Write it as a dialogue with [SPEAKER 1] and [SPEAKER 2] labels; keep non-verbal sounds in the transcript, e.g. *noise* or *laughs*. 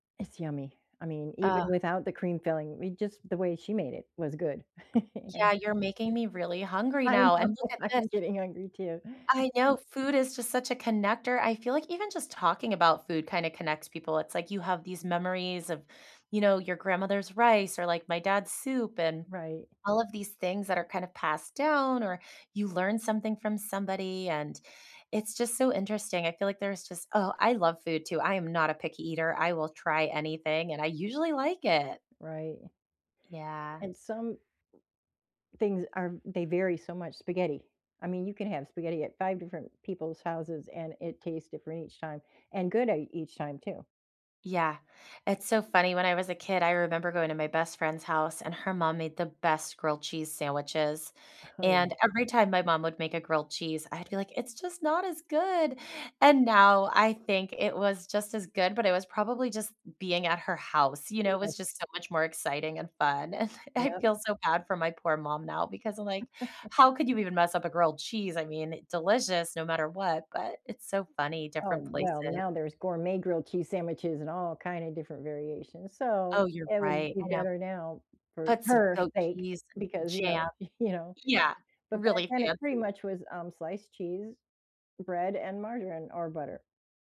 [SPEAKER 1] It's yummy. I mean,
[SPEAKER 2] Ah.
[SPEAKER 1] even without the cream filling, we just the way she made it was good. *chuckles*
[SPEAKER 2] Yeah,
[SPEAKER 1] And
[SPEAKER 2] you're making me really hungry
[SPEAKER 1] I
[SPEAKER 2] now,
[SPEAKER 1] know.
[SPEAKER 2] and look at this.
[SPEAKER 1] I'm getting hungry too.
[SPEAKER 2] I
[SPEAKER 1] *unintelligible*
[SPEAKER 2] know food is just such a connector, I feel like even just talking about food kinda connects people, it's like, you have these memories of, you know, your grandmother's rice or, like, my dad's soup and
[SPEAKER 1] Right.
[SPEAKER 2] all of these things that are kind of passed down or you learn something from somebody and it's just so interesting. I feel like there's just Oh, I love food too. I am not a picky eater, I will try anything, and I usually like it.
[SPEAKER 1] Right.
[SPEAKER 2] Yeah.
[SPEAKER 1] And some things are they vary so much spaghetti. I mean, you can have spaghetti at 5 different people's houses and it tastes different each time and good I each time too.
[SPEAKER 2] Yeah. It's so funny, when I was a kid, I remember going to my best friend's house, and her mom made the best grilled cheese sandwiches,
[SPEAKER 1] *unintelligible*
[SPEAKER 2] and every time my mom would make a grilled cheese, I'd be like, "It's just not as good." And now, I think it was just as good, but it was probably just being at her house, you know, it
[SPEAKER 1] Yes.
[SPEAKER 2] was just so much more exciting and fun. *chuckles* I
[SPEAKER 1] Yep.
[SPEAKER 2] feel so bad for my poor mom now because I'm like,
[SPEAKER 1] *laughs*
[SPEAKER 2] "How could you even mess up a grilled cheese?" I mean, delicious no matter what, but it's so funny.
[SPEAKER 1] Oh,
[SPEAKER 2] Different
[SPEAKER 1] well,
[SPEAKER 2] places
[SPEAKER 1] now there's gourmet grilled cheese sandwiches and all kinda different variations, so
[SPEAKER 2] Oh, you're
[SPEAKER 1] it would
[SPEAKER 2] right.
[SPEAKER 1] be
[SPEAKER 2] I know.
[SPEAKER 1] better now for
[SPEAKER 2] Put some
[SPEAKER 1] her
[SPEAKER 2] goat
[SPEAKER 1] sake
[SPEAKER 2] cheese and
[SPEAKER 1] because, you know,
[SPEAKER 2] jam.
[SPEAKER 1] you know?
[SPEAKER 2] Yeah.
[SPEAKER 1] But back
[SPEAKER 2] Really
[SPEAKER 1] then it pretty
[SPEAKER 2] fancy.
[SPEAKER 1] much was, um, sliced cheese, bread and margarine or butter.